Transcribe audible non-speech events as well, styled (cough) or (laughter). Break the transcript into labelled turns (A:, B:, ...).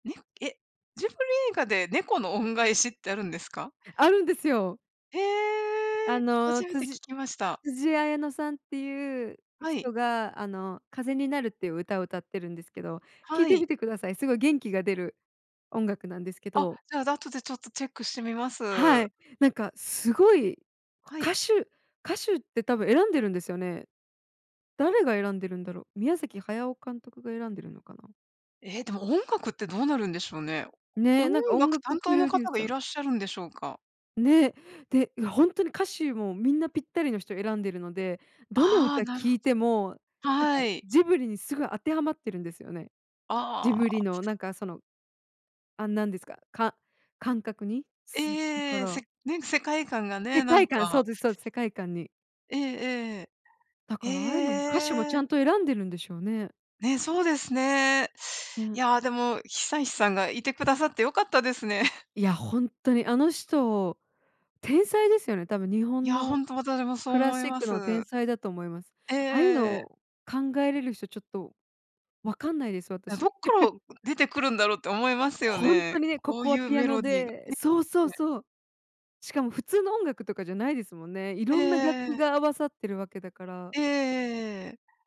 A: ねえ、ジブリ映画で、猫の恩返しってあるんですか？
B: あるんですよ。
A: へ
B: あ
A: え、初
B: の、
A: め
B: つ
A: て
B: じ
A: 聞きました。
B: つじあやのさんっていう
A: はい。
B: 人が、あの、風になるっていう歌を歌ってるんですけど、聞い
A: は
B: て
A: い。
B: みてください。すごい元気が出る音楽なんですけ
A: あ、
B: ど。
A: じゃあ、後でちょっとチェックしてみます。
B: はい。なんか、すごい
A: はい。
B: 歌手歌手って多分選んでるんですよね。誰が選んでるんだろ。宮崎駿監督が選んでるのかな？
A: え、でも音楽ってどうなるんでしょうね。
B: ね、
A: 音
B: なんか音
A: 楽
B: 楽
A: 担
B: プ
A: 当の
B: ロデュー
A: 方が
B: サ
A: い
B: ー
A: らっしゃるんでしょうか？
B: ね。で、いや、ほんとに歌手もみんなぴったりの人を選んでるので、どの
A: ああ、
B: 歌
A: なるほ
B: 聴いても、なんか
A: はい。
B: ジブリにすご当てはまってるんですよね。ジ
A: あ
B: ブリの、
A: あ。
B: なんか、その、あんなんですか、か感覚に、すだか
A: ええ、
B: ら。
A: せね、世界観がね、
B: 世
A: なん
B: 界観、そう
A: か
B: です、そうです、世界観に。
A: ええ
B: だ
A: ええ。
B: から、ああいうのも歌手を
A: へ
B: ちゃ
A: え。
B: んと選んでるんでしょうね。
A: ね、そうですね。い
B: (unintelligible)
A: や、でも、久石さんがいてくださって良かったですね。(chuckles)
B: いや、ほんっとに。あの人、天才ですよね。多分、日
A: い
B: 本
A: や、ほ
B: の
A: んと私もそう
B: クラ
A: 思い
B: シッ
A: ま
B: クの
A: す。
B: 天才だと思います。
A: え
B: ああいうの
A: ええ。
B: を考えれる人ちょっとわかんないです、
A: え、どっ
B: 私。
A: から
B: (chuckles)
A: 出てくるんだろうって思いますよ
B: ほん
A: ね、
B: とにね、こ
A: こう
B: こ
A: い
B: は
A: う
B: ピア
A: メ
B: ノ
A: ロディーが
B: でそうそう
A: ね。
B: そう。しかも普通の音楽とかじゃないですもんね。い
A: え
B: ろんな楽
A: え
B: 器
A: え。
B: が合わさってるわけだから。
A: えええええ。